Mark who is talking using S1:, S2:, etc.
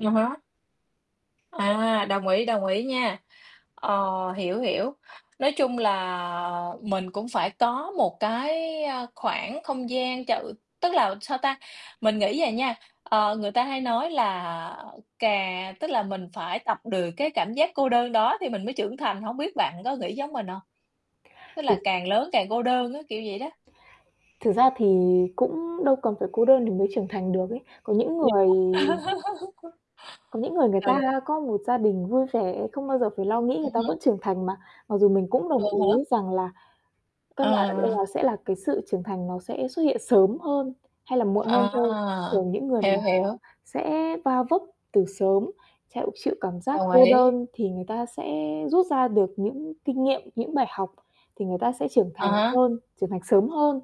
S1: À há. À, đồng ý, đồng ý nha. Ờ, hiểu, hiểu. Nói chung là mình cũng phải có một cái, ơ, khoảng không gian chợ tức là, sao ta, mình nghĩ à nha, ờ, người ta hay nói là cà tức là mình phải tập được cái cảm giác cô đơn đó thì mình mới trưởng thành. Hổng biết bạn có nghĩ giống mình hông? Tức là
S2: Th
S1: càng lớn càng cô đơn á, kiểu vậy đó.
S2: Thực ra thì cũng đâu cần phải cô đơn thì mới trưởng thành được ấy, có những
S1: Vậy
S2: người
S1: hả?
S2: có những người, người
S1: Ừ.
S2: ta có một gia đình vui vẻ, không bao giờ phải lo nghĩ, người
S1: Ừm
S2: ta
S1: hứm.
S2: vẫn trưởng thành mà. Mặc dù mình cũng
S1: À
S2: đồng
S1: há.
S2: ý rằng là căn bản ở đây là
S1: À.
S2: sẽ là cái sự trưởng thành nó sẽ xuất hiện sớm hơn hay là muộn hơn thôi.
S1: À!
S2: Thường những người mà
S1: Hiểu, hiểu.
S2: sẽ va vấp từ sớm, thẹo chịu cảm giác
S1: Đồng
S2: cô
S1: ý.
S2: đơn thì người ta sẽ rút ra được những kinh nghiệm, những bài học thì người ta sẽ trưởng thành
S1: À há.
S2: hơn, trưởng thành sớm hơn.